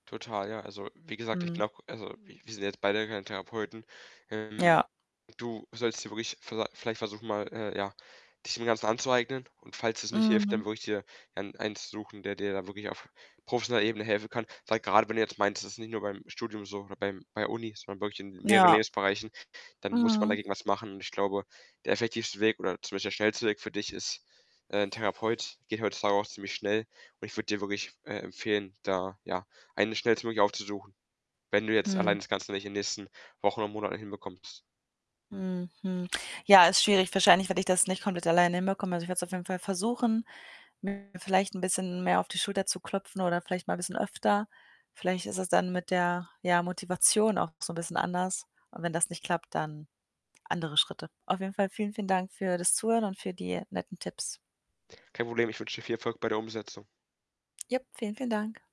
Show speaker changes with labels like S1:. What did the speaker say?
S1: Total, ja. Also, wie gesagt, ich
S2: Mhm.
S1: glaube, also wir wir sind ja jetzt beide keine Therapeuten. Ähm,
S2: Ja.
S1: du solltest dir wirklich viellei vielleicht versuchen mal, äh, ja, dich dem Ganzen anzueignen. Und falls es nicht hilft, dann
S2: Mhm.
S1: würde ich dir ein eins suchen, der dir da wirklich auf professioneller Ebene helfen kann. Weil grade, wenn du jetzt meinst, das ist nicht nur beim Studium so oder beim bei Uni, sondern wirklich in mehreren
S2: Ja.
S1: Lebensbereichen, dann muss man
S2: Mhm.
S1: dagegen was machen. Und ich glaube, der effektivste Weg oder zum Beispiel der schnellste Weg für dich ist, äh, ‘n Therapeut. Geht heutzutage auch ziemlich schnell und ich würde dir wirklich, äh, empfehlen, da, ja, eine schnellstmöglich aufzusuchen. Wenn du jetzt
S2: Hm.
S1: allein das Ganze nicht in nächsten Wochen oder Monaten hinbekommst.
S2: Hm, hm. Ja, ist schwierig wahrscheinlich werde ich das nicht komplett alleine hinbekomme. Also, ich werde es auf jeden Fall versuchen, mir vielleicht ‘n bisschen mehr auf die Schulter zu klopfen oder vielleicht mal bisschen öfter. Vielleicht ist es dann mit der, ja, Motivation auch so ‘n bisschen anders. Und wenn das nicht klappt, dann andere Schritte. Auf jeden Fall vielen, vielen Dank für das Zuhören und für die netten Tipps.
S1: Kein Problem, ich wünsche dir viel Erfolg bei der Umsetzung.
S2: Ja, vielen, vielen Dank.